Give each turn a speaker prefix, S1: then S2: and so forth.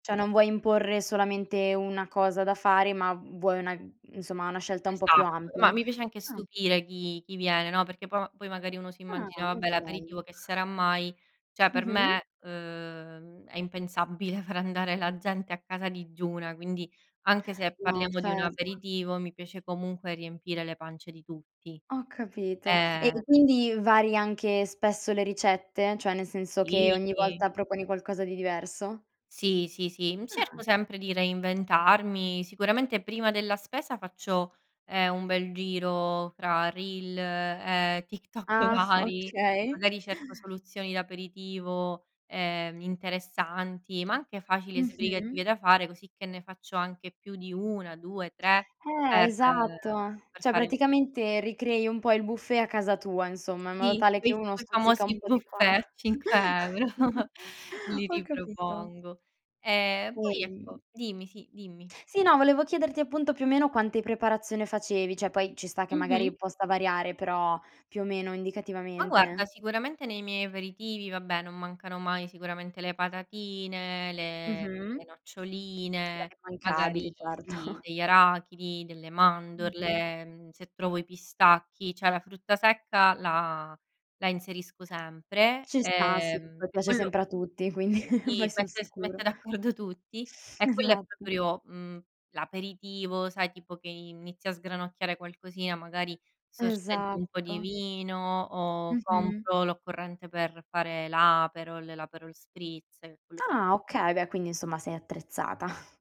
S1: Cioè non vuoi imporre solamente una cosa da fare, ma vuoi una insomma una scelta un po' più
S2: Esatto,
S1: ampia?
S2: ma mi piace anche
S1: Ah.
S2: stupire chi chi viene, no, perché po poi magari uno
S1: Ah,
S2: s'immagina: "Vabbè
S1: molto bello.
S2: l'aperitivo che sarà mai?" Cioè per
S1: Mh-mh.
S2: me, uhm, è impensabile far andare la gente a casa digiuna, quindi anche se
S1: No,
S2: parliamo di un
S1: certo.
S2: aperitivo, mi piace comunque riempire le pance di tutti,
S1: Ho capito e
S2: ehm
S1: quindi vari anche spesso le ricette? Cioè nel senso che ogni
S2: Sì.
S1: volta proponi qualcosa di diverso?
S2: Sì, sì, sì, mhmm, cerco
S1: Ah.
S2: sempre di reinventarmi. Sicuramente prima della spesa faccio, ehm, un bel giro fra reel, ehm, TikTok
S1: Ah
S2: vari,
S1: okay.
S2: magari cerco soluzioni da aperitivo, ehm, interessanti, ma anche facili e
S1: Mh-mh.
S2: sbrigative da fare, così che ne faccio anche più di 1, 2, 3
S1: Eh
S2: per uhm,
S1: esatto,
S2: per
S1: cioè
S2: fare
S1: praticamente ricrei un po' il buffet a casa tua insomma, in modo
S2: Sì,
S1: tale che
S2: quei
S1: uno stuzzica un
S2: famosi
S1: po' di
S2: buffet
S1: qua
S2: a 5 € li
S1: ho capito.
S2: ripropongo, ehm, poi ecco
S1: [unintelligible]
S2: Dimmi, sì, dimmi.
S1: Sì, no, volevo chiederti appunto più o meno quante preparazione facevi, cioè poi ci sta che
S2: Mh-mh.
S1: magari possa variare, però più o meno,
S2: Ma guarda,
S1: indicativamente.
S2: sicuramente nei miei aperitivi, vabbè, non mancano mai sicuramente le patatine, le
S1: Mh-mh.
S2: le noccioline,
S1: Beh,
S2: magari,
S1: immancabili
S2: sì,
S1: certo.
S2: degli arachidi, delle
S1: Mh-mh.
S2: mandorle, mhmm, se trovo i pistacchi, cioè la frutta secca la la inserisco sempre,
S1: Ci sta, sì
S2: ehm,
S1: poi
S2: e
S1: piace
S2: quello
S1: sempre a tutti, quindi vai
S2: i
S1: sul
S2: mette s mette
S1: sicuro.
S2: d'accordo tutti e quello è
S1: Esatto.
S2: proprio, mhmm, l'aperitivo, sai tipo che inizi a sgranocchiare qualcosina, magari sorseggi un po' di
S1: Esatto.
S2: vino o
S1: Mh-mh.
S2: compro l'occorrente per fare l'aperol, l'aperol spritz e quello che
S1: Ah okay, beh, quindi insomma sei attrezzata.